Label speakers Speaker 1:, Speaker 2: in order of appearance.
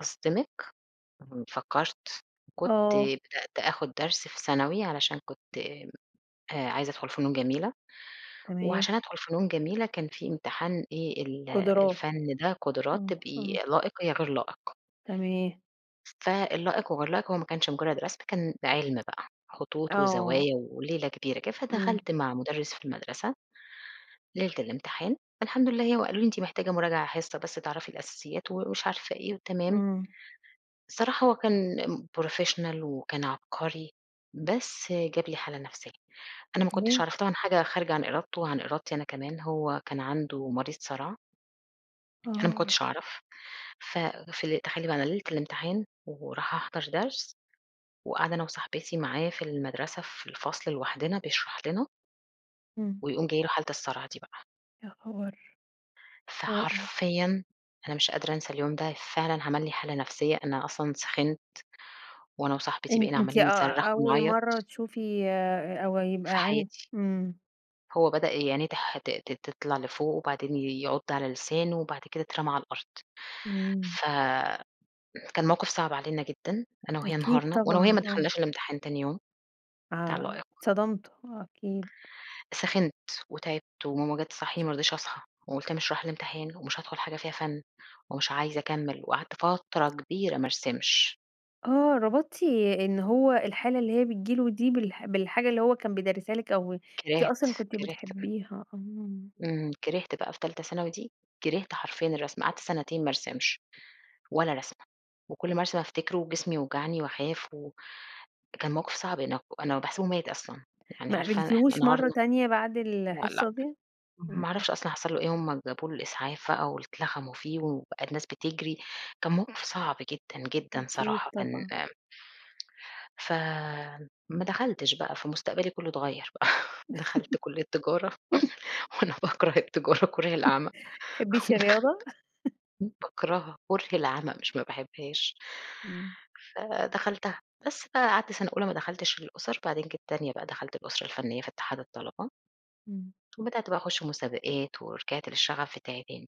Speaker 1: أصدمِك؟ م فكّرت كنت
Speaker 2: آه.
Speaker 1: بدأت آخُد درس في ثانوي علشان كنت آآ عايزة أدخُل فنون جميلة
Speaker 2: تمام.
Speaker 1: وعشان أدخُل فنون جميلة، كان في امتحان إيه ال
Speaker 2: قُدُرَات.
Speaker 1: الفَن ده قُدُرَات،
Speaker 2: إمم،
Speaker 1: تبقي
Speaker 2: إمم.
Speaker 1: لائِق يا غير لائِق.
Speaker 2: تمام.
Speaker 1: فالائِق وغير لائق هو ما كانش مُجرّد رسم، كان عِلْمُ بقى. خطوط
Speaker 2: آه.
Speaker 1: وزوايا وليلة كبيرة كده،
Speaker 2: إمم.
Speaker 1: فدخلت مع مُدرِّس في المَدرسة ليلة الإمتحان، الحمد لله هي وقالوا لي: "أنتِ محتاجة مراجعة حِصّة بس تعرفي الأساسيات،" ومش عارفة إيه وتمام.
Speaker 2: إمم.
Speaker 1: الصراحة هو كان ام professional وكان عبقري، بس جاب لي حالة نفسية. أنا ما كنتش
Speaker 2: ليه؟
Speaker 1: أعرف، طبعًا حاجة خارجة عن إرادته وعن إرادتي أنا كمان، هو كان عنده مريض صَرَع. أنا ما
Speaker 2: آه.
Speaker 1: كنتش أعرف، ف في تخيّلي بقى أنا ليلة الإمتحان ورايحه أحضر درس وقاعدة أنا وصاحبتي معايا في المَدرسة في الفصل لوحدنا بيشرح لنا.
Speaker 2: إمم.
Speaker 1: ويقوم جاي له حالة الصَرَع دي بقى.
Speaker 2: يا خبر! [unintelligible]
Speaker 1: فحرفيًا أنا مش قادرة أنسى اليوم ده، فعلًا عمل لي حالة نفسية، أنا أصلًا سِخِنت وأنا وصاحبتي
Speaker 2: أن
Speaker 1: بقينا
Speaker 2: أنتِ
Speaker 1: عاملين
Speaker 2: أ
Speaker 1: نِصرَّخ
Speaker 2: أول
Speaker 1: ونعيَّط.
Speaker 2: مرّة تشوفي أ أو يبقى
Speaker 1: في
Speaker 2: عند
Speaker 1: حياتي.
Speaker 2: إمم.
Speaker 1: هو بدأ ي عِنيه تح ت ت تطلع لفوق وبعدين يعُض على لسانه وبعد كده اترمى على الأرض.
Speaker 2: إمم.
Speaker 1: ف كان موقف صعب علينا جدًا أنا وهي
Speaker 2: أكيد
Speaker 1: انهارنا وأنا وهي
Speaker 2: طبعًا.
Speaker 1: ما
Speaker 2: آه.
Speaker 1: دخلناش الأمتحان تاني يوم بتاع
Speaker 2: آه.
Speaker 1: اللائِق.
Speaker 2: اتصدمتوا. آه أكيد.
Speaker 1: سخنت وتعبت وماما جات تصحّيني ما رضيتش أصحى وقُلت مش رايحة الأمتحان ومش هادخل حاجة فيها فَن ومش عايزة أكمِّل وقعدت فترة كبيرة ما أرسِمش.
Speaker 2: آه. ربطتِ إن هو الحالة اللي هي بتيجي له دي بالح بالحاجة اللي هو كان بيدرِّسها لِك أو أنتِ
Speaker 1: كِرهْت،
Speaker 2: أصلًا كنتِ
Speaker 1: كِرهْت ب
Speaker 2: بتحبّيها. آه.
Speaker 1: إمم. كِرهْت بقى في تالتة ثانوي دي كِرهْت حرفيًا الرسم، قعدت سَنتين ما أرسمش ولا رسمة وكل ما أرسم أفتكره وجسمي يوجعني وأخاف و كان موقف صعب أن أنا باحسبه مات أصلًا. يعني
Speaker 2: ما
Speaker 1: عارفة إحنا
Speaker 2: قابلتيهوش مرّة
Speaker 1: انهارنا
Speaker 2: تانية بعد
Speaker 1: لأ، لأ
Speaker 2: الحصة دي؟ إمم،
Speaker 1: ما
Speaker 2: إمم.
Speaker 1: أعرفش أصلًا حصل له إيه، هم جابوا له الإسعاف بقى واتلخموا فيه وبقى الناس بتجري، كان موقف صعب جدًا، جدًا
Speaker 2: أكيد
Speaker 1: صراحة كان
Speaker 2: طبعًا.
Speaker 1: آمم ف ما دخلْتش بقى، فمستقبلي كُلّه أتغيَّر بقى، دخلت كُلّية تجارة وأنا باكره التجارة كُره
Speaker 2: ما
Speaker 1: العَمَى
Speaker 2: بتحبّيش
Speaker 1: ودخلْت
Speaker 2: الرياضة؟
Speaker 1: باكرهها كُره العَمَى مش ما باحبّهاش.
Speaker 2: إمم.
Speaker 1: فدخلْتها. بس، فقعدت سَنة أولى ما دخلْتش الأُسَر، بعدين جيت تانية بقى دخلت الأُسرة الفنيّة في اتحاد الطلبة.
Speaker 2: إمم.
Speaker 1: وبدأت بقى أخُش مسابقات ورجعت للشَغَف بتاعي تاني.